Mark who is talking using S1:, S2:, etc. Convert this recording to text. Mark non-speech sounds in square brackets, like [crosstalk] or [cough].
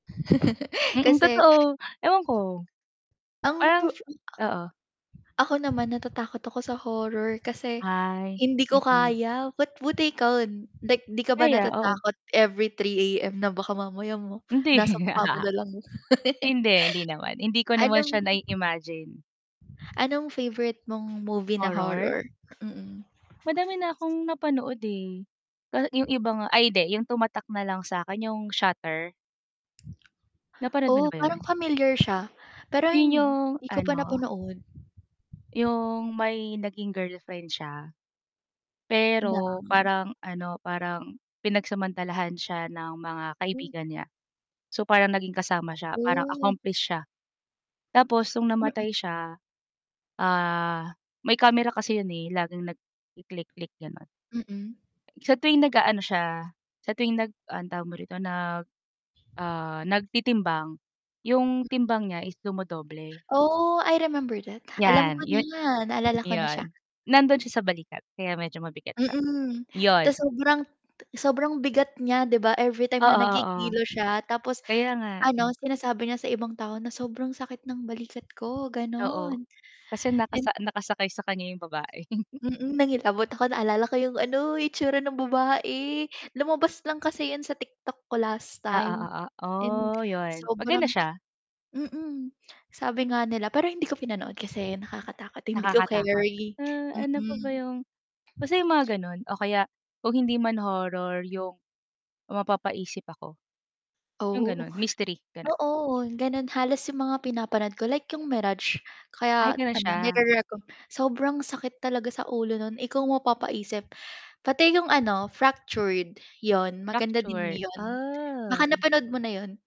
S1: [chuckles]
S2: Mm,
S1: Kasi
S2: totoo, ewan ko.
S1: ang
S2: Parang
S1: vu
S2: fe
S1: hmm,
S2: oo.
S1: [clicks tongue] ako naman, natatakot ako sa horror kasi,
S2: Ay,
S1: hindi ko
S2: mm.
S1: kaya. Ba't buti ikaw, 'dik 'di ka ba
S2: Kaya, oo.
S1: natatakot every 3:00 AM, na baka mamaya mo
S2: Hindi.
S1: nasa mukha mo
S2: [chuckles]
S1: na lang. [chuckles]
S2: Hindi, hindi naman, hindi ko naman
S1: anong
S2: siya nai-imagine.
S1: anong favorite mong movie na
S2: Horror?
S1: horror? Mm.
S2: Madami na akong napanood, eh, ka yung iba nga ay, 'di, yung tumatak na lang sa'kin, yung Shutter.
S1: [smacks lips]
S2: Napanood mo na
S1: Oh,
S2: ba
S1: parang
S2: 'yon?
S1: familiar siya, pero
S2: 'Yon yung,
S1: hindi ko pa
S2: ano
S1: napanood.
S2: yung may naging girlfriend siya.
S1: Ng?
S2: Pero parang ano, parang pinagsamantalahan siya ng mga
S1: Hmm.
S2: kaibigan niya. So, parang naging kasama siya, parang
S1: Ooh.
S2: accomplish siya. Tapos no'ng
S1: Mm.
S2: namatay siya, ah, may camera kasi 'yon, eh, laging nagki-click-click, gano'n.
S1: Mm.
S2: Sa tuwing nag-aano siya, sa tuwing nag, anong tawag mo rito, nag, ah, nagtitimbang, yung
S1: Hmm.
S2: timbang niya is dumodoble.
S1: Oh, I remember that. Alam
S2: Yan,
S1: ko
S2: 'yon
S1: na naalala ko na siya.
S2: 'yon, nando'n siya sa balikat, kaya medyo mabigat siya,
S1: Mm,
S2: 'yon.
S1: tas sobrang sobrang bigat niya, 'di ba, everytime na
S2: Oo, oo.
S1: nagkikilo siya, tapos
S2: Kaya nga,
S1: ano,
S2: hmm.
S1: sinasabi niya sa ibang tao na, "Sobrang sakit ng balikat ko",
S2: Oo.
S1: gano'n.
S2: Kasi
S1: And
S2: nakasa nakasakay sa kanya yung babae. [chuckles]
S1: Mm, nangilabot ako, naalala ko yung ano, itsura ng babae. Lumabas lang kasi 'yon sa TikTok ko last
S2: Ah,
S1: time,
S2: oo, o
S1: and
S2: oh, 'yon, maganda
S1: sobrang
S2: siya.
S1: mm. Sabi nga nila, pero hindi ko pinanood kasi nakakatakot, hindi ko
S2: Nakakatakot.
S1: keri.
S2: Uh, ano pa ba
S1: Mm.
S2: yung basta yung mga gano'n, o kaya, kung hindi man horror, yung mapapaisip ako, yung
S1: Oh.
S2: gano'n, mystery
S1: [chuckles]
S2: gano'n.
S1: Oo, gano'n halos yung mga pinapanood ko, like yung Mirage,
S2: Ay,
S1: kaya
S2: gano'n
S1: ano,
S2: siya.
S1: nire-reco sobrang sakit talaga sa ulo no'n. Ikaw ang mapapaisip, pati 'yong ano Fractured, 'yon, maganda din
S2: Fracture,
S1: 'yon, baka
S2: ah.
S1: napanood mo na 'yon.